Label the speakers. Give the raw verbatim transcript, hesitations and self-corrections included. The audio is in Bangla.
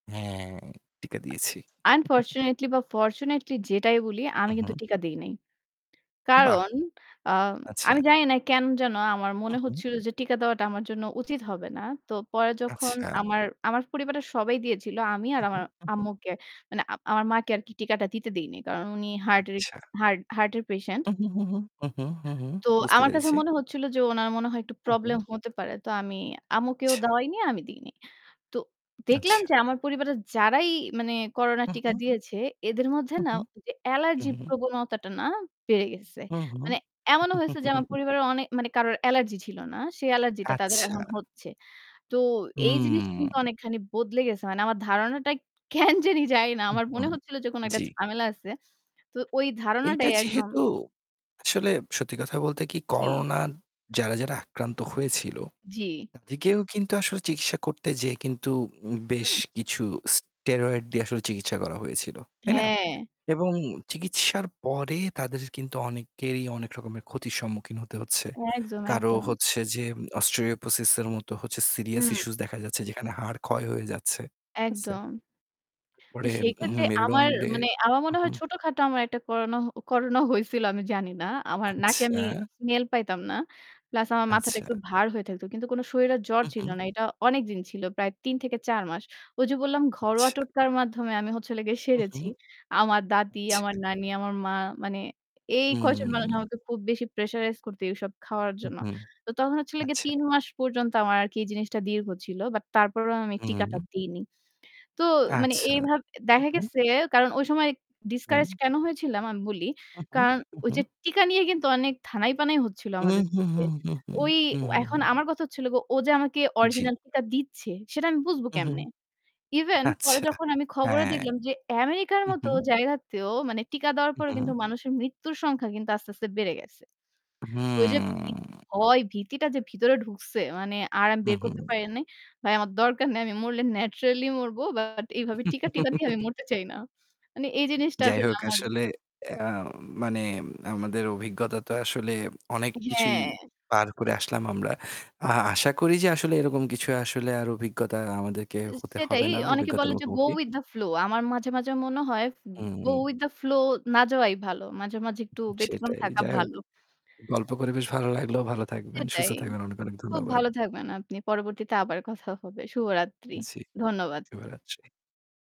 Speaker 1: হ্যাঁ, টিকা দিয়েছি।
Speaker 2: আনফরচুনেটলি বা ফরচুনেটলি যেটাই বলি, আমি
Speaker 1: হু,
Speaker 2: কিন্তু
Speaker 1: হু।
Speaker 2: টিকা দেই নাই।
Speaker 1: বাহ!
Speaker 2: কারণ আ
Speaker 1: আচ্ছা।
Speaker 2: আমি জানি না কেন যেন আমার মনে
Speaker 1: উহুম।
Speaker 2: হচ্ছিল যে টিকা দেওয়াটা আমার জন্য উচিত হবে না। তো পরে যখন
Speaker 1: আচ্ছা।
Speaker 2: আমার আমার পরিবারটা সবাই দিয়েছিল আমি আর
Speaker 1: উহু,
Speaker 2: আমার
Speaker 1: উহু।
Speaker 2: আম্মুকে মানে আ আমার মাকে আরকি টিকাটা দিতে দেইনি। কারণ উনি হার্ট এর
Speaker 1: আচ্ছা।
Speaker 2: হার্ট হার্ট এর পেশেন্ট।
Speaker 1: উহু, হু হু, উহু, হু, হু,
Speaker 2: তো
Speaker 1: বুঝতে
Speaker 2: আমার কাছে
Speaker 1: পেরেছি।
Speaker 2: মনে হচ্ছিল যে উনার মনে হয় একটু
Speaker 1: হু,
Speaker 2: প্রবলেম
Speaker 1: হু।
Speaker 2: হতে পারে। তো আমি আম্মুকেও
Speaker 1: আচ্ছা।
Speaker 2: দেওয়াই নি, আমি দিইনি। তো দেখলাম
Speaker 1: আচ্ছা।
Speaker 2: যে আমার পরিবারের যারাই মানে করোনা
Speaker 1: উহু,
Speaker 2: টিকা
Speaker 1: হু।
Speaker 2: দিয়েছে, এদের মধ্যে না
Speaker 1: উহু,
Speaker 2: ওই যে
Speaker 1: হু,
Speaker 2: অ্যালার্জি
Speaker 1: হু, হুম।
Speaker 2: প্রবণতাটা না বেড়ে গেছে।
Speaker 1: হু, হু,
Speaker 2: মানে এমনও হয়েছে যে আমার পরিবারের অনে মানে কারোর অ্যালার্জি ছিল না। সে অ্যালার্জি টা তাদের
Speaker 1: আচ্ছা।
Speaker 2: এখন হচ্ছে। তো এই জিনিস কিন্তু
Speaker 1: হু।
Speaker 2: অনেকখানি বদলে গেছে। মানে আমার ধারণাটা কেন জানি যানি না
Speaker 1: উ
Speaker 2: আমার
Speaker 1: হু,
Speaker 2: মনে হচ্ছিল যে কোন একটা
Speaker 1: জ্বি।
Speaker 2: ঝামেলা আছে। তো ওই
Speaker 1: এইটা
Speaker 2: ধারণাটাই একদম
Speaker 1: যেহেতু, আসলে সত্যি কথা বলতে কি
Speaker 2: জ্বী।
Speaker 1: করোনা যারা, যারা আক্রান্ত হয়েছিল,
Speaker 2: জ্বি।
Speaker 1: তাদেরকেও কিন্তু আসলে চিকিৎসা করতে যেয়ে কিন্তু উম বেশ
Speaker 2: হুম।
Speaker 1: কিছু স্টেরয়েড দিয়ে আসলে চিকিৎসা করা হয়েছিল। তাই না?
Speaker 2: হ্যাঁ।
Speaker 1: এবং চিকিৎসার পরে তাদের কিন্তু অনেকেই অনেক রকমের ক্ষতির সম্মুখীন হতে হচ্ছে।
Speaker 2: একদম,
Speaker 1: কারো
Speaker 2: একদম।
Speaker 1: হচ্ছে যে "অস্টিওপোসিসের" মতো হচ্ছে সিরিয়াস
Speaker 2: হম।
Speaker 1: ইস্যু দেখা যাচ্ছে যেখানে হাড় ক্ষয় হয়ে যাচ্ছে। ঠিক আছে?
Speaker 2: একদম। তো
Speaker 1: পরে
Speaker 2: সেই
Speaker 1: হুম,
Speaker 2: ক্ষেত্রে আমার
Speaker 1: মেরুডন্ডে
Speaker 2: মানে আমার
Speaker 1: হু,
Speaker 2: মনে হয়
Speaker 1: হু।
Speaker 2: ছোটখাটো একটা করোনা করোনা হয়ছিল আমি জানি না। আমার নাকে আমি
Speaker 1: আচ্ছা।
Speaker 2: স্মেল পাইতাম না। প্লাস আমার মাথাটা
Speaker 1: আচ্ছা।
Speaker 2: একটু ভার হয়ে থাকত। কিন্তু কোন শরীরের জ্বর
Speaker 1: হু,
Speaker 2: ছিল
Speaker 1: হুম।
Speaker 2: না। এটা অনেকদিন ছিল। প্রায় তিন থেকে চার মাস। ঐ যে বললাম ঘরোয়া
Speaker 1: আচ্ছা।
Speaker 2: টোটকার মাধ্যমে আমি হচ্ছেলো গিয়ে
Speaker 1: হু, হু,
Speaker 2: সেরেছি। আমার দাদি,
Speaker 1: আচ্ছা।
Speaker 2: আমার নানি, আমার মা মানে এই কয়জন মানুষ
Speaker 1: হুম।
Speaker 2: আমাকে খুব বেশি প্রেশারাইজ করত এসব খাওয়ার
Speaker 1: হু,
Speaker 2: জন্য।
Speaker 1: হু,
Speaker 2: তো তখন হচ্ছিল গে
Speaker 1: আচ্ছা।
Speaker 2: তিন মাস পর্যন্ত আমার আরকি এই জিনিসটা দীর্ঘ ছিল। বাট তারপরেও আমি টিকাটা
Speaker 1: উম
Speaker 2: দেইনি। তো মানে
Speaker 1: আচ্ছা
Speaker 2: এইভাব
Speaker 1: হু,
Speaker 2: দেখা
Speaker 1: হু।
Speaker 2: গেছে কারণ ঐ সময় ডিসকারেজ
Speaker 1: হুম।
Speaker 2: কেন হয়েছিলাম, আমি বলি।
Speaker 1: উহু,
Speaker 2: কারণ ওই
Speaker 1: উহু।
Speaker 2: যে, টিকা নিয়ে কিন্তু অনেক ধানাই-পানাই হচ্ছিল
Speaker 1: উহু,
Speaker 2: আমাদের
Speaker 1: হু,
Speaker 2: দেশে।
Speaker 1: হু, হু, হু,
Speaker 2: ওই
Speaker 1: হু, হু,
Speaker 2: এখন
Speaker 1: হু।
Speaker 2: আমার কথা হচ্ছিল গো ও যে আমাকে
Speaker 1: জ্বি।
Speaker 2: অরিজিনাল টিকা দিচ্ছে সেটা আমি বুঝবো
Speaker 1: হুম, হুম,
Speaker 2: কেমনে? ইভেন পরে
Speaker 1: আচ্ছা,
Speaker 2: যখন আমি খবরে
Speaker 1: হ্যাঁ।
Speaker 2: দেখলাম যে আমেরিকার
Speaker 1: হু,
Speaker 2: মত
Speaker 1: হু।
Speaker 2: জায়গাতেও মানে টিকা দেওয়ার পরেও
Speaker 1: উহুম
Speaker 2: কিন্তু মানুষের মৃত্যুর সংখ্যা কিন্তু আস্তে, আস্তে, বেড়ে গেছে। ঐ যে ভী
Speaker 1: হুম।
Speaker 2: ভয়-ভীতিটা যে ভিতরে ঢুকছে। মানে আর আমি
Speaker 1: হু,
Speaker 2: বের করতে
Speaker 1: হু।
Speaker 2: পারি নাই। ভাই আমার দরকার নাই। আমি মরলে ন্যাচারালি মরব। বাট এইভাবে টিকা টিকা, দিয়ে আমি মরতে চাই না। মানে এই জিনিসটা
Speaker 1: যাই
Speaker 2: আসলে
Speaker 1: হোক
Speaker 2: আমার
Speaker 1: আসলে আ মানে আমাদের অভিজ্ঞতা তো আসলে অনেক কিছুই
Speaker 2: হ্যাঁ।
Speaker 1: পার করে আসলাম আমরা। আ আশা করি যে আসলে এরকম কিছু আসলে আর অভিজ্ঞতা আমাদেরকে হতে
Speaker 2: সেটাই।
Speaker 1: হবে না,
Speaker 2: অনেকে বলে
Speaker 1: অভিজ্ঞতার
Speaker 2: যে, go
Speaker 1: মুখোমুখি।
Speaker 2: with the flow আমার মাঝে, মাঝে, মনে হয় go
Speaker 1: um
Speaker 2: with the flow না যাওয়াই ভালো। মাঝে, মাঝে, একটু ব্যতিক্রম
Speaker 1: সেটাই।
Speaker 2: থাকা
Speaker 1: যাই হোক,
Speaker 2: ভালো।
Speaker 1: গল্প করে বেশ ভালো লাগলো, ভালো থাকবেন, সুস্থ
Speaker 2: সেটাই।
Speaker 1: থাকবেন। অনেক, অনেক
Speaker 2: খুব
Speaker 1: ধন্যবাদ।
Speaker 2: ভালো থাকবেন আপনি। পরবর্তীতে আবার কথা হবে। শুভরাত্রি।
Speaker 1: জ্বি,
Speaker 2: ধন্যবাদ।
Speaker 1: শুভ রাত্রি।